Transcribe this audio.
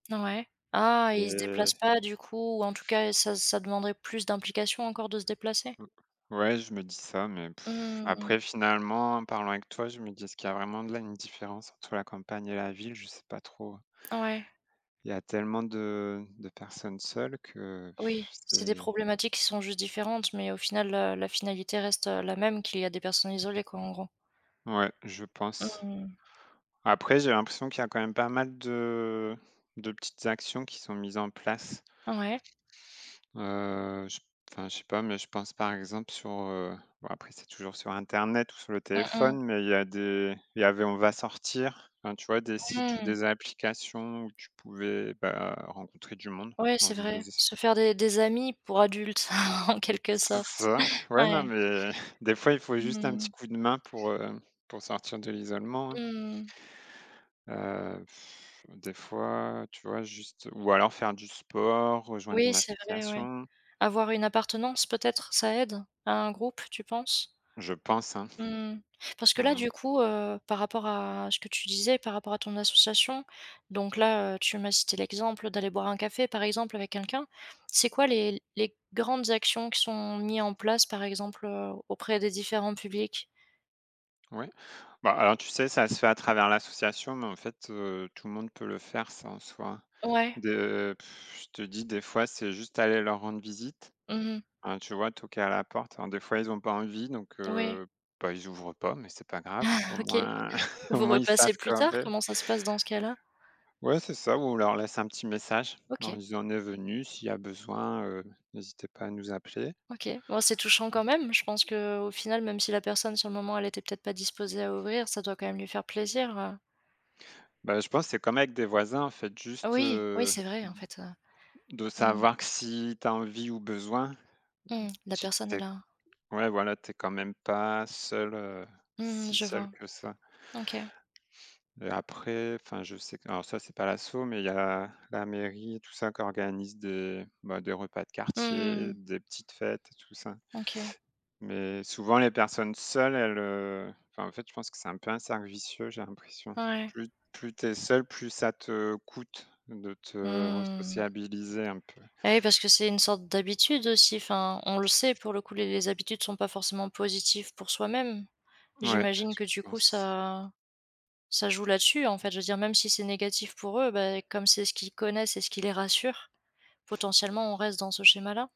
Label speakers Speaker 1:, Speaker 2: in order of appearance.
Speaker 1: Ouais. Ah, ils se
Speaker 2: Heu
Speaker 1: déplacent pas du coup ou en tout cas, ça ça demanderait plus d'implication encore de se déplacer?
Speaker 2: Mmh, ouais, je me dis ça. Mais pff,
Speaker 1: Mmh mh,
Speaker 2: après
Speaker 1: mmh.
Speaker 2: finalement, en parlant avec toi, je me dis: «Est-ce qu'il y a vraiment de la une différence entre la campagne et la ville?» Je sais pas trop.
Speaker 1: Ouais.
Speaker 2: Il y a tellement de de personnes seules que
Speaker 1: Oui, c'est des
Speaker 2: c'est
Speaker 1: problématiques qui sont juste différentes. Mais au final, heu, la finalité reste, heu, la même, qu'il y a des personnes isolées, quoi, en gros.
Speaker 2: Ouais, je pense.
Speaker 1: Mmh mh.
Speaker 2: Après, j'ai l'impression qu'il y a quand même pas mal de de petites actions qui sont mises en place
Speaker 1: Ouais.
Speaker 2: heu, je p enfin, je sais pas mais je pense, par exemple, sur, heu, bon, après, c'est toujours sur internet ou sur le
Speaker 1: Mmh mh.
Speaker 2: téléphone. Mais il y a des il y avait on va sortir, enfin, tu vois? Des sites ou
Speaker 1: Mmh.
Speaker 2: des applications où tu pouvais, bah, rencontrer du monde
Speaker 1: Ouais,
Speaker 2: en
Speaker 1: c'est
Speaker 2: faisant
Speaker 1: vrai.
Speaker 2: des es
Speaker 1: Se faire des des amis pour adultes, en quelque
Speaker 2: C'est
Speaker 1: sorte,
Speaker 2: ça. Ouais, non
Speaker 1: ouais.
Speaker 2: mais des fois il faut juste un petit
Speaker 1: Mmh.
Speaker 2: coup de main pour, heu, pour sortir de l'isolement, hein.
Speaker 1: Mmh mh.
Speaker 2: Heu, des fois, tu vois, juste ou alors faire du sport, rejoindre
Speaker 1: Oui,
Speaker 2: une
Speaker 1: c'est vrai, ouais.
Speaker 2: association.
Speaker 1: Avoir une appartenance, peut-être, ça aide, à un groupe, tu penses?
Speaker 2: Je pense, hein.
Speaker 1: Mmh mh. Parce
Speaker 2: Mmh
Speaker 1: que, là,
Speaker 2: mh.
Speaker 1: du coup, heu, par rapport à ce que tu disais, par rapport à ton association, donc là, heu, tu m'as cité l'exemple d'aller boire un café, par exemple, avec quelqu'un. C'est quoi, les les grandes actions qui sont mis en place, par exemple, heu, auprès des différents publics?
Speaker 2: Ouais. Bah, alors, tu sais, ça se fait à travers l'association mais en fait, heu, tout le monde peut le faire, ça, en soi.
Speaker 1: Ouais.
Speaker 2: De je te dis, des fois, c'est juste aller leur rendre visite.
Speaker 1: Mmh mh.
Speaker 2: Hein, tu vois, toquer à la porte. Bon, des fois, ils ont pas envie. Donc
Speaker 1: Ouais.
Speaker 2: heu, bah, ils ouvrent pas mais c'est pas grave, au
Speaker 1: OK,
Speaker 2: moins au
Speaker 1: vous
Speaker 2: moins, ils
Speaker 1: repassez
Speaker 2: savent
Speaker 1: plus
Speaker 2: qu'un
Speaker 1: tard.
Speaker 2: p
Speaker 1: Comment ça se passe dans ce cas-là?
Speaker 2: Ouais, c'est ça ou on leur laisse un petit message, en leur
Speaker 1: OK.
Speaker 2: disant: «On est venus. S'il y a besoin, heu, n'hésitez pas à nous appeler.»
Speaker 1: OK, bon, c'est touchant quand même. Je pense qu'au final, même si la personne, sur le moment, elle était peut-être pas disposée à ouvrir, ça doit quand même lui faire plaisir, heu
Speaker 2: Bah, je pense, c'est comme avec des voisins, en fait, juste
Speaker 1: Oui, oui,
Speaker 2: heu,
Speaker 1: c'est vrai, en fait, heu
Speaker 2: de
Speaker 1: mmh mh.
Speaker 2: savoir que si tu as envie ou besoin,
Speaker 1: Mmh mh. La
Speaker 2: tu
Speaker 1: personne
Speaker 2: tu
Speaker 1: est
Speaker 2: es
Speaker 1: là.
Speaker 2: ouais, voilà, tu es, quand même, pas seul, heu,
Speaker 1: Mmh mh,
Speaker 2: si
Speaker 1: je
Speaker 2: seul
Speaker 1: vois.
Speaker 2: que ça.
Speaker 1: OK.
Speaker 2: Mais après, enfin, je sais alors, ça, c'est pas l'asso, mais il y a la mairie et tout ça, qui organise des, bah, des repas de
Speaker 1: Mmh mh,
Speaker 2: quartier,
Speaker 1: mmh.
Speaker 2: des petites fêtes et tout ça.
Speaker 1: OK.
Speaker 2: Mais, souvent, les personnes seules elles, heu, enfin, en fait, je pense que c'est un peu un cercle vicieux, j'ai l'impression.
Speaker 1: Ouais.
Speaker 2: Plus plus tu es seul, plus ça te coûte de te
Speaker 1: Mmh.
Speaker 2: resociabiliser un peu.
Speaker 1: Ah, oui parce que c'est une sorte d'habitude, aussi, enfin. On le sait, pour le coup, les les habitudes sont pas forcément positifs pour soi-même.
Speaker 2: Ouais,
Speaker 1: J'imagine que, du
Speaker 2: je
Speaker 1: coup,
Speaker 2: pense.
Speaker 1: ça ça joue là-dessus, en fait. Je veux dire, même si c'est négatif pour eux, ben, comme c'est ce qu'ils connaissent et ce qui les rassure. Potentiellement, on reste dans ce schéma-là?